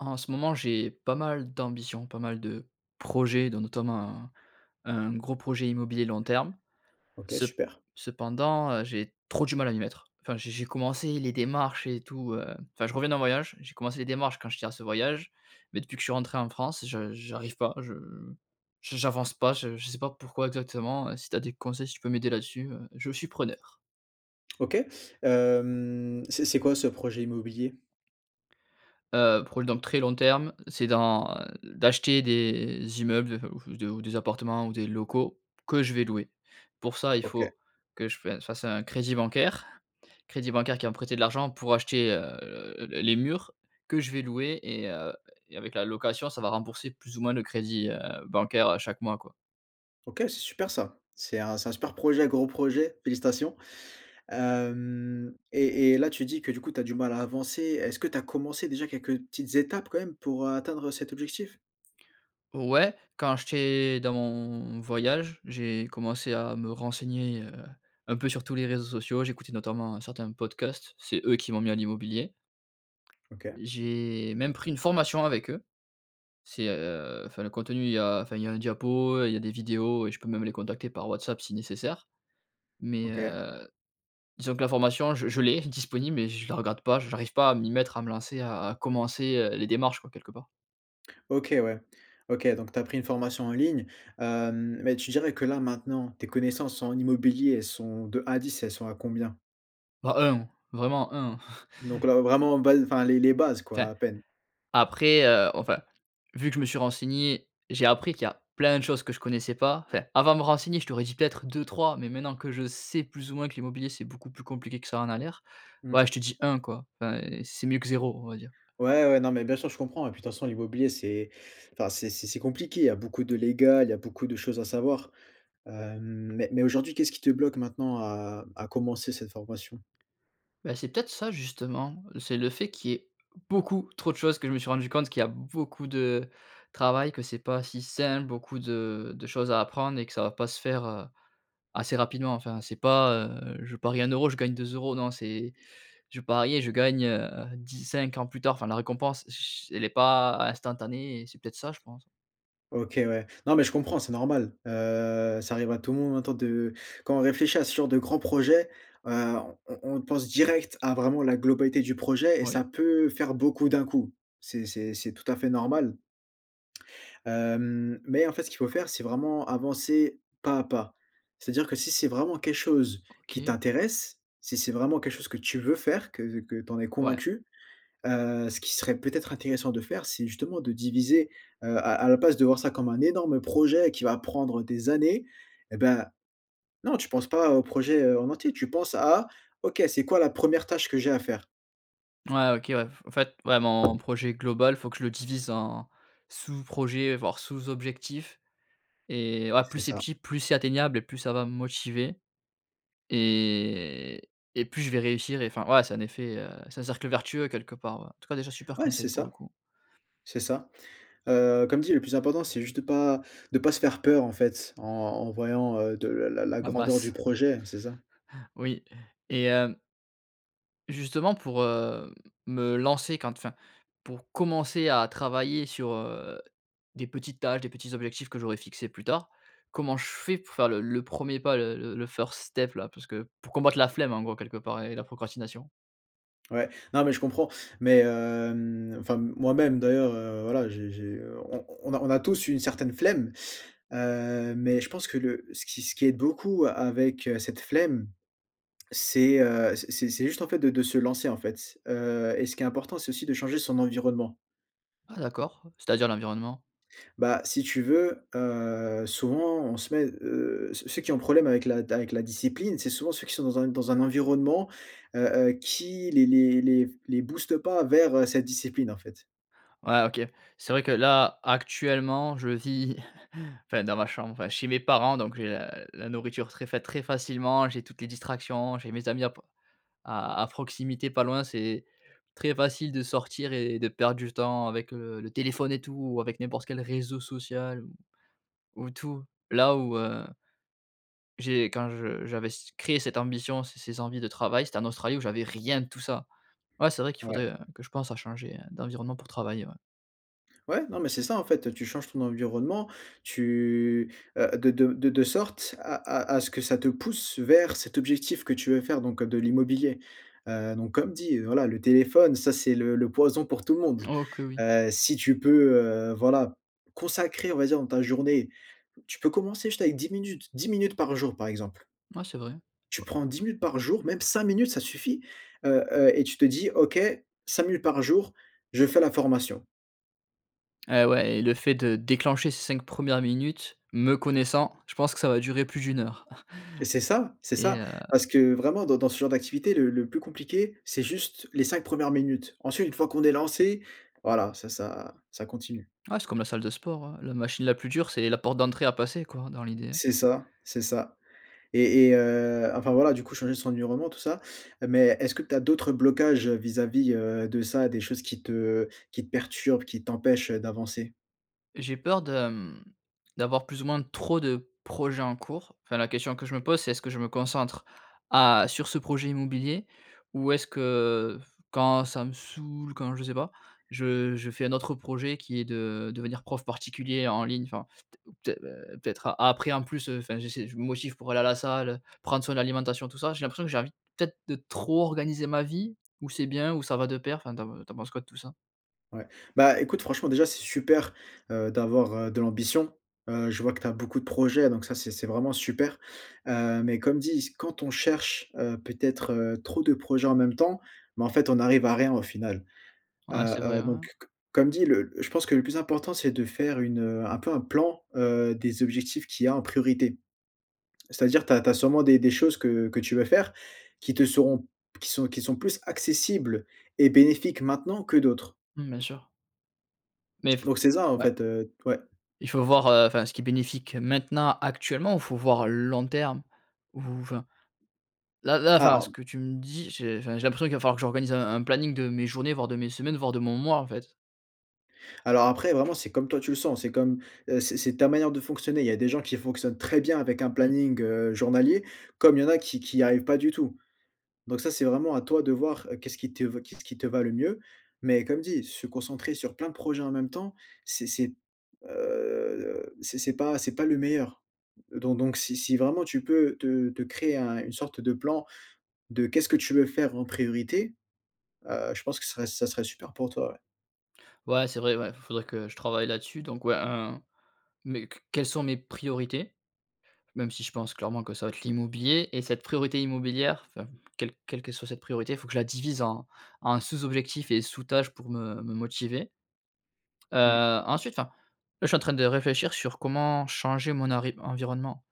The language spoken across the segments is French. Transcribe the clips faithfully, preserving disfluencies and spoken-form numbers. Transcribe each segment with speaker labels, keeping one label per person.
Speaker 1: En ce moment, j'ai pas mal d'ambitions, pas mal de projets dont notamment un un gros projet immobilier long terme.
Speaker 2: OK
Speaker 1: Cep
Speaker 2: super.
Speaker 1: cependant, heu, j'ai trop du mal à m'y mettre. Enfin, j'ai j'ai commencé les démarches et tout, hem enfin, je reviens d'un voyage, j'ai commencé les démarches quand j'étais à ce voyage, mais depuis que je suis rentré en France, je j'arrive pas, je j j'avance pas, je je sais pas pourquoi exactement, heu. Si tu as des conseils, si tu peux m'aider là-dessus, heu, je suis preneur.
Speaker 2: OK. Hem, c'est c'est quoi ce projet immobilier?
Speaker 1: Heu, pour dans le très long terme, c'est d'en, heu, d'acheter des immeubles f ou f ou des ou des appartements ou des locaux, que je vais louer. Pour ça, il
Speaker 2: OK.
Speaker 1: faut que je fa je fasse un crédit bancaire, crédit bancaire qui va me prêter de l'argent pour acheter, heu, heu, le les murs, que je vais louer et heu, et avec la location, ça va rembourser plus ou moins le crédit, heu, bancaire, heu, chaque mois, quoi.
Speaker 2: OK, c'est super ça! C'est un c'est un super projet, gros projet, félicitations! Hem et et là tu dis que du coup tu as du mal à avancer? Est-ce que tu as commencé déjà quelques petites étapes quand même pour, heu, atteindre cet objectif?
Speaker 1: O ouais, quand j'étais dans mon voyage, j'ai commencé à me renseigner, heu, un peu sur tous les réseaux sociaux. J'écoutais notamment certains podcasts. C'est eux qui m'ont mis à l'immobilier.
Speaker 2: OK.
Speaker 1: J'ai même pris une formation avec eux. C'est, heu enfin le contenu, il y a enfin, il y a un diapo, heu, il y a des vidéos et je peux même les contacter par WhatsApp si nécessaire. Mais,
Speaker 2: OK.
Speaker 1: heu, disons que la formation, je je l'ai, disponible, mais je la regarde pas, je j'arrive pas à m'y mettre, à me lancer, à à commencer, heu, les démarches, quoi, quelque part.
Speaker 2: OK, ouais. OK donc, tu as pris une formation en ligne, hem, mais tu dirais que là, maintenant, tes connaissances en immobilier, elles sont de un à dix, elles sont à combien?
Speaker 1: Bah un, vraiment un.
Speaker 2: Donc là vraiment, base enfin, les les bases, quoi,
Speaker 1: Enfin,
Speaker 2: à peine.
Speaker 1: après, heu, enfin, vu que je me suis renseigné, j'ai appris qu'il y a plein de choses que je connaissais pas enfin avant de me renseigner je t'aurais dis peut-être deux-trois mais maintenant que je sais, plus ou moins que l'immobilier c'est beaucoup plus compliqué que ça en a l'air,
Speaker 2: Mmh.
Speaker 1: ouais je te dis un quoi. Enfin, c c'est mieux que zéro, on va dire.
Speaker 2: Ouais, ouais, non, mais bien sûr, je comprends et puis de façon, l'immobilier, c'est enfin, c'est c'est c'est compliqué. Il y a beaucoup de légal, il y a beaucoup de choses à savoir. Hem, mais mais aujourd'hui, qu'est-ce qui te bloque maintenant à à commencer cette formation?
Speaker 1: Bah, c'est peut-être ça, justement, c'est le fait qu'il y ait beaucoup trop de choses, que je me suis rendu compte, qu'il y a beaucoup de travail, que c'est pas si simple, beaucoup de de choses à apprendre et que ça va pas se faire, heu, assez rapidement enfin, c'est pas, heu: «Je parie un euro, je gagne deux euros». Non, c'est: «Je parie et je gagne heu dix-cinq ans plus tard», enfin la récompense ch ch elle est pas instantanée et c'est peut-être ça, je pense.
Speaker 2: OK, ouais. Non mais je comprends c'est normal. Heu, ça arrive à tout le monde, un temps de quand on réfléchit à ce genre de grands projets, heu, on on on pense direct à vraiment la globalité du projet et ça
Speaker 1: Oui.
Speaker 2: peut faire beaucoup d'un coup. C'est c'est c'est tout à fait normal. Hem, mais en fait ce qu'il faut faire c'est vraiment avancer, pas à pas. C'est-à-dire que si c'est vraiment quelque chose qui
Speaker 1: OK.
Speaker 2: t'intéresse, si c'est vraiment quelque chose que tu veux faire, que que tu en es
Speaker 1: Ouais.
Speaker 2: convaincu, heu, ce qui serait peut-être intéressant de faire, c'est justement de diviser, heu à à la place de voir ça comme un énorme projet qui va prendre des années, eh ben, non tu penses pas au projet, heu, en entier tu penses à: «OK, c'est quoi la première tâche que j'ai à faire?»
Speaker 1: Ouais, OK, ouais. F en fait, ouais, mon projet global, faut que je le divise en sous-projets, voire sous-objectifs et voilà,
Speaker 2: C'est
Speaker 1: plus c'est
Speaker 2: ça.
Speaker 1: petit, plus c'est atteignable et plus ça va me motiver et et plus je vais réussir et enfin, voilà, c'est un effet, heu c'est un cercle vertueux quelque part, ouais. En tout cas déjà, super
Speaker 2: Ouais c'est
Speaker 1: conseil, pour le
Speaker 2: ça.
Speaker 1: coup.
Speaker 2: C'est ça. Heu, comme dit: le plus important, c'est juste de pas de pas se faire peur, en fait, en en voyant, heu, de la la la
Speaker 1: La
Speaker 2: grandeur du
Speaker 1: masse.
Speaker 2: projet, c'est ça.
Speaker 1: Oui. Et hem justement pour, heu, me lancer quand enfin, pour commencer à travailler sur, heu, des petites tâches, des petits objectifs que j'aurais fixés plus tard, comment je fais pour faire le le premier pas, le le le first step là, parce que pour combattre la flemme, en gros, quelque part, et la procrastination?
Speaker 2: Ouais. Non mais je comprends mais, hem, enfin m moi-même, d'ailleurs, heu, voilà j'ai j'ai, heu, on on on a on a tous eu une certaine flemme, heu, mais je pense que le ce qui ce qui aide beaucoup a avec, heu, cette flemme c'est, heu, c c'est c'est juste en fait, de de se lancer, en fait, heu, et ce qui est important c'est aussi de changer son environnement.
Speaker 1: Ah d'accord. C'est-à-dire l'environnement?
Speaker 2: Bah, si tu veux, heu, souvent on se met, heu ceux ceux qui ont un problème avec la d avec la discipline, c'est souvent ceux qui sont dans un dans un environnement, heu, heu, qui les les les f les boostent pas vers, heu, cette discipline, en fait.
Speaker 1: Ouais, OK. C'est vrai que là, actuellement, je vis enfin dans ma chambre enfin chez mes parents, donc j'ai la la nourriture très fa très facilement, j'ai toutes les distractions, j'ai mes amis à pr à à proximité, pas loin, c'est, très facile de sortir et de perdre du temps avec le le téléphone et tout ou avec n'importe quel réseau social ou ou tout. Là, où, heu J'ai quand je j'avais s créé cette ambition, ces ces envies de travail, c'était en Australie où j'avais rien de tout ça. Ouais, c'est vrai qu'il
Speaker 2: Ouais.
Speaker 1: faudrait, heu, que je pense à changer, heu, d'environnement pour travailler. Ouais.
Speaker 2: Ouais, non mais, c'est ça, en fait, heu: tu changes ton environnement, tu, heu, de de de de sorte à à à ce que ça te pousse vers cet objectif que tu veux faire donc, heu, de l'immobilier. Heu, donc comme dit: voilà le téléphone ça, c'est le le poison pour tout le monde.
Speaker 1: Oh que oui.
Speaker 2: Heu, si tu peux, heu, voilà, consacrer, on va dire dans ta journée tu peux commencer juste avec dix minutes, dix minutes par jour, par exemple.
Speaker 1: Ouais, c'est vrai.
Speaker 2: Tu
Speaker 1: Oua
Speaker 2: prends dix minutes par jour, même cinq minutes ça suffit, heu, heu et tu te dis: «OK, cinq minutes par jour, je fais la formation».
Speaker 1: Eh ouais, et le fait de déclencher ces cinq premières minutes, me connaissant, je pense que ça va durer plus d'une heure.
Speaker 2: Et c'est ça. C'est
Speaker 1: Et
Speaker 2: ça,
Speaker 1: heu
Speaker 2: parce que vraiment dans dans ce genre d'activité le le plus compliqué c'est juste, les cinq premières minutes ensuite une fois, qu'on est lancé voilà, c'est ça, ça continue.
Speaker 1: Ouais c'est comme la salle de sport, ouais, la machine la plus dure c'est la porte d'entrée à passer, quoi dans l'idée.
Speaker 2: C'est ça, c'est ça. Et et heu, enfin voilà, du coup changer son environnement tout ça, heu, mais est-ce que tu as d'autres blocages vis-à-vis, heu, de ça, des choses qui te qui te perturbent, qui t'empêchent, heu, d'avancer?
Speaker 1: J'ai peur de, mmh, d'avoir, plus ou moins, trop de projets en cours. Enfin, la question que je me pose c'est: «Est-ce que je me concentre à sur ce projet immobilier? Ou est-ce que, f quand ça me saoule, quand je sais pas, je je fais un autre projet qui est de devenir prof particulier en ligne», enfin, t ou peut-ê heu, peut-être après, en plus, enfin, j'essaie je me motive pour aller à la salle, heu, prendre soin de l'alimentation, tout ça. J'ai l'impression que j'ai envie peut-être de trop organiser ma vie, ou c'est bien? Ou ça va de pair? Enfin tu en pen tu en penses quoi de tout ça?
Speaker 2: Ouais. Bah, écoute franchement, déjà, c'est super, heu, d'avoir, heu, de l'ambition. Heu, je vois que tu as beaucoup de projets donc ça, c'est c'est vraiment super, heu, mais comme dis: «Quand on cherche, heu, peut-être, heu, trop de projets en même temps, bah, en fait, on arrive à rien au final, heu
Speaker 1: Ouais, c'est vrai,
Speaker 2: heu,», donc
Speaker 1: hein.
Speaker 2: que comme dit: «Le je pense que le plus important c'est de faire une, heu, un peu un plan, heu, des objectifs qu'il y a en priorité». C'est à dire, tu as tu as sûrement des des choses que que tu veux faire, qui te seront qui sont qui sont plus accessibles et bénéfiques maintenant que d'autres.
Speaker 1: Mmh, bien sûr. Mais f
Speaker 2: Donc, c'est ça en
Speaker 1: ouais.
Speaker 2: fait, heu, t ouais.
Speaker 1: Il faut voir, heu, enfin, ce qui est bénéfique maintenant, actuellement, ou il faut voir long terme? Ou enfin. Là là,
Speaker 2: Ah
Speaker 1: enfin ce
Speaker 2: en
Speaker 1: que tu me dis, je j'ai l'impression qu'il va falloir que j'organise un un planning de mes journées, voire de mes semaines, voire de mon mois, en fait.
Speaker 2: Alors après, vraiment, c'est comme toi tu le sens c'est comme, heu, c'est c'est ta manière de fonctionner. Il y a des gens qui fonctionnent très bien avec un
Speaker 1: Mmh.
Speaker 2: planning, heu, journalier comme il y en a qui qui arrivent pas du tout, donc ça, c'est vraiment à toi de voir. Qu'est-ce qui t qu'est-ce qui te va le mieux mais comme dit: «Se concentrer sur plein de projets en même temps, c'est c'est, heu, c'est c'est pas c'est pas le meilleur», donc donc si si vraiment tu peux te te créer un une sorte de plan de qu'est-ce que tu veux faire en priorité, heu, je pense que serait ça serait super pour toi, ouais.
Speaker 1: Ouais, c'est vrai, ouais, f faudrait que je travaille là-dessus donc ouais un mais que quelles sont mes priorités? Même si je pense clairement que ça va être l'immobilier et cette priorité immobilière, enfin, quel quelque soit cette priorité. Il faut que la divise en en sous-objectif et sous-tâche pour me me motiver.
Speaker 2: Mmh.
Speaker 1: Heu, ensuite enfin, là, je suis en train de réfléchir sur comment changer mon ari environnement.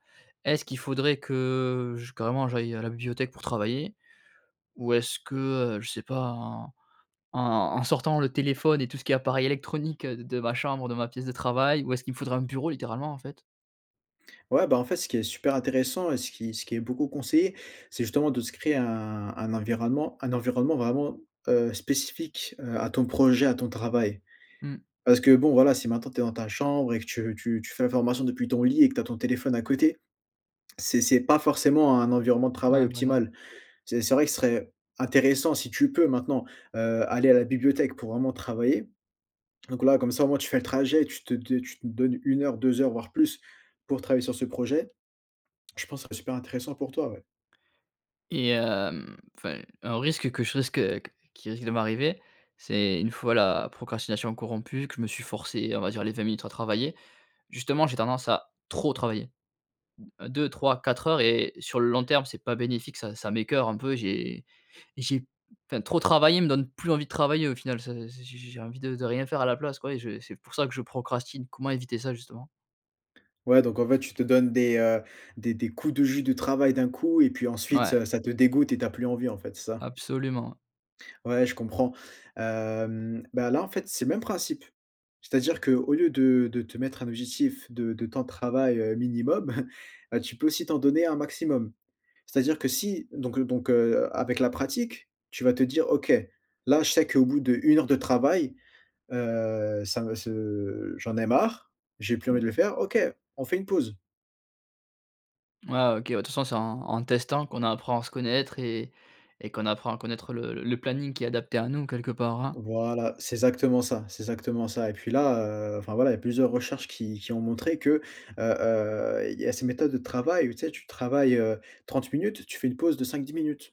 Speaker 1: Est-ce qu'il faudrait que j carrément, j'aille à la bibliothèque pour travailler? Ou est-ce que, heu, je sais pas, en en en sortant le téléphone et tout ce qui est appareil électronique d de ma chambre, de ma pièce de travail? Ou est-ce qu'il me faudra un bureau littéralement, en fait?
Speaker 2: Ouais, bah, en fait, ce qui est super intéressant et ce qui ce qui est beaucoup conseillé, c'est justement de se créer un un environnement un environnement vraiment, heu, spécifique, heu, à ton projet, à ton travail.
Speaker 1: Mmh.
Speaker 2: Parce que, bon, voilà, si maintenant, tu es dans ta chambre et que tu tu tu fais la formation depuis ton lit et que tu as ton téléphone à côté, c'est c'est pas forcément un environnement de travail
Speaker 1: Ouais, voilà.
Speaker 2: optimal, c'est c'est vrai que ce serait intéressant si tu peux maintenant, heu, aller à la bibliothèque pour vraiment travailler. Donc, là, comme ça, au moins, tu fais le trajet tu te de tu te donnes une heure, deux heures voire plus pour travailler sur ce projet. Je pense que ça serait super intéressant pour toi, ouais.
Speaker 1: Et hem, enfin, un risque que je risque heu, q qui risque de m'arriver, c'est une fois la procrastination corrompue que je me suis forcé, on va dire, les vingt minutes à travailler, justement, j'ai tendance à trop travailler. deux-trois-quatre heures et sur le long terme, c'est pas bénéfique, ça ça m'écœure un peu, j'ai j'ai p enfin, trop travailler me donne plus envie de travailler, au final, ça j j j j'ai envie de de rien faire à la place, quoi et je et c'est pour ça que je procrastine. Comment éviter ça, justement?
Speaker 2: Ouais, donc, en fait, tu te donnes des, heu, des des coups de jus de travail d'un coup et puis ensuite,
Speaker 1: Ouais.
Speaker 2: heu, ça te dégoûte et tu as plus envie, en fait, c'est ça?
Speaker 1: Absolument.
Speaker 2: Ouais, je comprends. Hem, ben là, en fait, c'est le même principe, c'est-à-dire qu'au lieu de de te mettre un objectif de de temps de travail, heu, minimum, bah, tu peux aussi t'en donner un maximum. C'est à dire que si donc, heu, donc, heu, a avec la pratique, tu vas te dire: «OK, là, je sais qu'au bout d'une heure de travail, heu, ça me ce j'en ai marre, j'ai plus envie de le faire, OK, on fait une pause».
Speaker 1: Mouais, OK, ouais, de toute façon c'est en en testant qu'on apprend à se connaître et et qu'on apprend à connaître le l le planning qui est adapté à nous quelque part, hein.
Speaker 2: Voilà, c'est exactement ça, c'est exactement ça. Et puis, là, heu, enfin, voilà, il y a plusieurs recherches qui qui ont montré que, heu heu, il y a ces méthodes de travail où, tu sais, tu travailles, heu, trente minutes, tu fais une pause de cinq-dix minutes.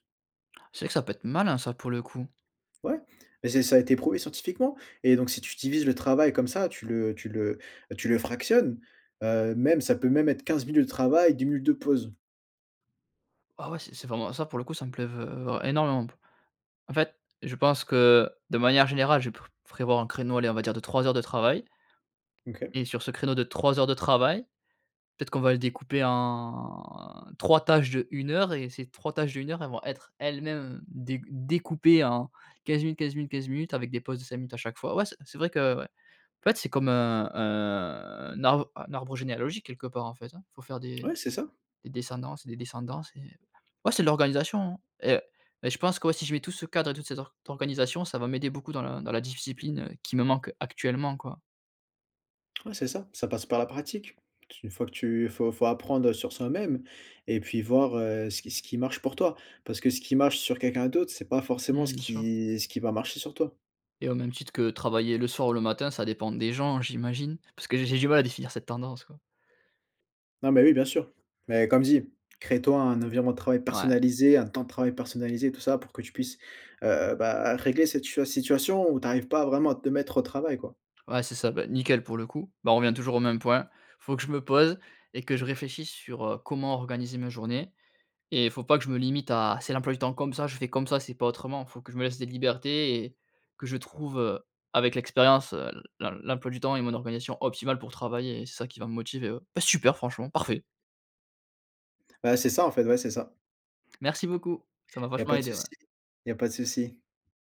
Speaker 1: C'est vrai que ça peut être malin ça, pour le coup.
Speaker 2: Ouais, mais c'est ça a été prouvé scientifiquement et donc si tu divises le travail comme ça, tu le tu le, bah, tu le fractionnes, heu, même, ça peut même être quinze minutes de travail, dix minutes de pause.
Speaker 1: Ah ouais, c'est c'est vraiment ça, pour le coup, ça me plait v heu, vra énormément p en fait, je pense que de manière générale, je pré prévois un créneau, allez, on va dire de trois heures de travail
Speaker 2: OK.
Speaker 1: et sur ce créneau de trois heures de travail, peut-être qu'on va le découper en trois tâches d'une heure, et ces trois tâches d'une heure, elles vont être elles-mêmes, heu, déc découpées en quinze minutes, quinze minutes, quinze minutes avec des pauses de cinq minutes à chaque fois. Ouais, c'est c'est vrai que ouais. En fait, c'est comme un un un arbre un arbre généalogique quelque part, en fait, hein. Il faut faire des
Speaker 2: Ouais, c'est ça.
Speaker 1: des descendances des descendances et ouais, c'est de l'organisation hein, et mais je pense que si je mets tout ce cadre et toute cette or organisation, ça va m'aider beaucoup dans la dans la discuipline, heu, qui me manque actuellement, quoi.
Speaker 2: Ouais, c'est ça, ça passe par la pratique. Tu une fois que tu il faut il faut apprendre, heu, sur soi-même et puis voir, heu, ce qui ce qui marche pour toi parce que ce qui marche sur quelqu'un d'autre, c'est pas forcément
Speaker 1: Mmh.
Speaker 2: ce
Speaker 1: Bien sûr.
Speaker 2: qui ce qui va marcher sur toi.
Speaker 1: Et au même titre que travailler le soir ou le matin ça dépend des gens, j'imagine, parce que j'ai du mal à définir cette tendance, quoi.
Speaker 2: Non, mais oui, bien sûr. Mais comme dit: «Crée-toi un environnement de travail
Speaker 1: Ouais.
Speaker 2: personnalisé, un temps de travail personnalisé» tout ça pour que tu puisses, heu, bah, régler cette situa situation où tu arrives pas vraiment à te mettre au travail, quoi.
Speaker 1: Ouais, c'est ça, bah, nickel pour le coup, bah, on revient toujours au même point, il faut que je me pose et que je réfléchisse sur, heu, comment organiser ma journée et il faut pas que je me limite à: «C'est l'emploi du temps comme ça, je fais comme ça, c'est pas autrement», il faut que je me laisse des libertés et que je trouve, heu, avec l'expérience, heu, l l'em l'emploi du temps et mon organisation optimale pour travailler et c'est ça qui va me motiver, heu. Bah, super franchement. Parfait!
Speaker 2: Bah, c'est ça, en fait, ouais, c'est ça.
Speaker 1: Merci beaucoup, ça m'a
Speaker 2: Il y a
Speaker 1: vachement
Speaker 2: pas de
Speaker 1: aidé,
Speaker 2: souci,
Speaker 1: ouais.
Speaker 2: il y a pas de souci.